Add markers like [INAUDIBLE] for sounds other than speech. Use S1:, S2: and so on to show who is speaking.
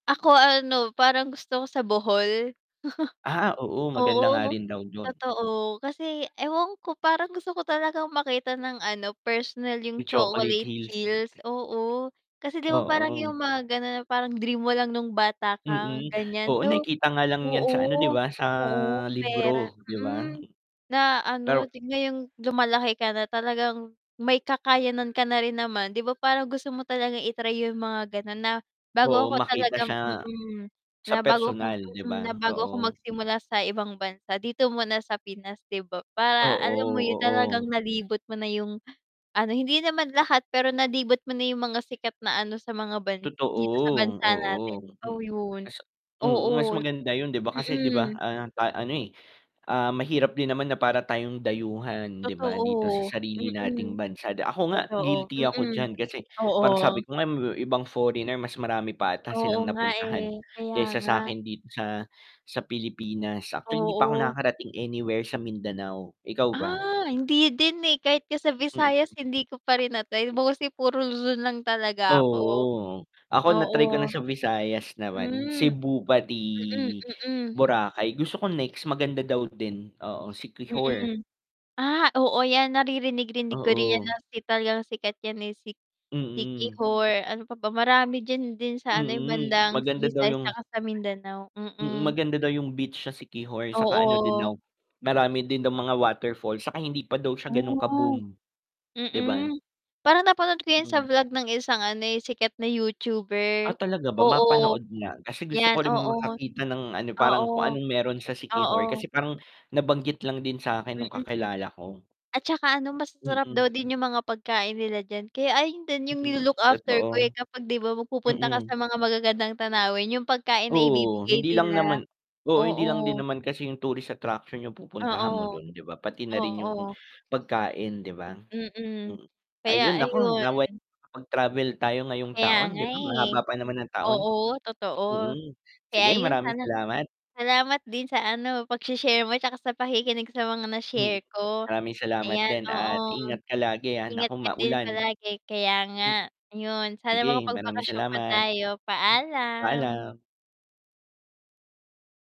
S1: Ako ano, parang gusto ko sa Bohol.
S2: Ah, oo maganda nga
S1: [LAUGHS] Oo
S2: rin daw dun.
S1: totoo, kasi ewan ko parang gusto ko talagang makita ng ano, personal yung
S2: Yung Chocolate
S1: Chocolate
S2: Hills.
S1: Hills, oo kasi, 'di ba, parang yung
S2: Oo.
S1: mga ganun na parang dream mo lang nung bata ka
S2: Mm,
S1: ganyan,
S2: oo
S1: so,
S2: nakikita nga lang yan sa ano, 'di
S1: oo,
S2: ba sa
S1: oo pera,
S2: libro 'di ba?
S1: mm, na ano
S2: Pero
S1: ngayong lumalaki ka na talagang may kakayanan ka na rin naman, 'di ba, parang gusto mo talagang i-try yung mga ganun na bago
S2: Oo
S1: ako
S2: makita
S1: talagang,
S2: siya,
S1: mm,
S2: sa
S1: na bago ako,
S2: personal, 'di
S1: mm,
S2: ba?
S1: na bago ako
S2: Oo.
S1: magsimula sa ibang bansa dito muna sa Pinas, 'di ba, para alam
S2: Oo,
S1: mo yun talagang
S2: oo.
S1: nalibot mo na yung, ano, hindi naman lahat pero nalibot mo na yung mga sikat na, ano, sa mga ban
S2: Totoo
S1: dito sa bansa natin
S2: oo,
S1: to yun
S2: mm, mas
S1: oo,
S2: maganda yun 'di ba kasi, 'di ba,
S1: mm.
S2: ah, ano, eh, ah, mahirap din naman na para tayong dayuhan, 'di ba, dito sa
S1: Totoo,
S2: sarili
S1: mm,
S2: nating bansa, ako nga
S1: totoo,
S2: guilty ako
S1: mm,
S2: diyan kasi [INHALES] parang
S1: oo.
S2: sabi ko nga may ibang foreigner mas marami pa ata
S1: Oo
S2: silang
S1: nga,
S2: napuntahan
S1: eh, kaya
S2: kaysa
S1: nga.
S2: sakin dito sa sa Pilipinas, actually hindi pa ako
S1: Oo.
S2: nakakarating anywhere sa Mindanao, ikaw ba?
S1: Ah, hindi din, eh, kahit nga sa Visayas
S2: Mhm.
S1: hindi ko pa rin na-try mostly kasi puro Luzon lang talaga ako,
S2: Oo, ako
S1: oo.
S2: na-try ko na sa Visayas naman
S1: Hmm,
S2: Cebu pati
S1: mm mm.
S2: Boracay, gusto ko next maganda daw din, oo Siquijor.
S1: Mm, ah, oo yan naririnig-rinig ko rin yan na
S2: Oo.
S1: si talagang sikat yan eh, si
S2: Mm.
S1: Siquijor, ano pa ba marami diyan din sa, ano,
S2: Mm,
S1: bandang
S2: maganda daw
S1: Visayas
S2: yung
S1: tsaka sa Mindanao,
S2: mm,
S1: mm.
S2: maganda daw yung beach sa Siquijor, saka ano din
S1: Oo.
S2: daw marami din daw mga waterfall saka hindi pa daw siya ganung ka
S1: Ah,
S2: boom, 'di ba?
S1: mm parang napanood ko yan sa
S2: Mm.
S1: vlog ng isang, ano, eh, sikat na YouTuber,
S2: Ah, talaga ba,
S1: oo
S2: mapanood na kasi gusto
S1: yan,
S2: ko rin
S1: oo,
S2: makakita ng ano, parang
S1: oo,
S2: kung anong meron sa Siquijor kasi
S1: oo.
S2: parang nabanggit lang din sakin nung
S1: Mm,
S2: kakilala ko.
S1: at tsaka, ano, masasarap daw
S2: Mm.
S1: din yung mga pagkain nila diyan, kaya ayon din yung
S2: Mm,
S1: nilo-look after ko, eh,
S2: totoo.
S1: kapag, 'di ba, magpupunta ka sa
S2: Mm.
S1: mga magagandang tanawin yung pagkain na
S2: Oo,
S1: ibibigay
S2: hindi lang
S1: nila,
S2: naman oo hindi lang din
S1: oo.
S2: naman kasi yung tourist attraction yung pupuntahan mo
S1: Oo,
S2: dun, 'di ba, pati na rin yung
S1: oo.
S2: pagkain 'di ba?
S1: Mm,
S2: Mm,
S1: kaya
S2: ayun naku nawa'y
S1: ayun.
S2: makapag-travel tayo ngayong
S1: Kaya
S2: taon
S1: nga,
S2: 'di ba,
S1: eh,
S2: mahaba pa naman ng taon.
S1: oo, totoo,
S2: Mm,
S1: kaya
S2: sige
S1: yun
S2: maraming
S1: sana
S2: salamat.
S1: salamat din sa, ano, pagshi-share mo tsaka sa pakikinig sa mga na-share
S2: Mhm,
S1: ko
S2: maraming salamat
S1: ayan,
S2: din
S1: oo,
S2: at ingat ka lagi, ah,
S1: ingat
S2: naku
S1: ka din
S2: maulan,
S1: palagi. Kaya nga
S2: M
S1: yun sa
S2: Sige, maraming
S1: makapagbakasyon pa
S2: salamat.
S1: tayo. Paalam.
S2: Paalam.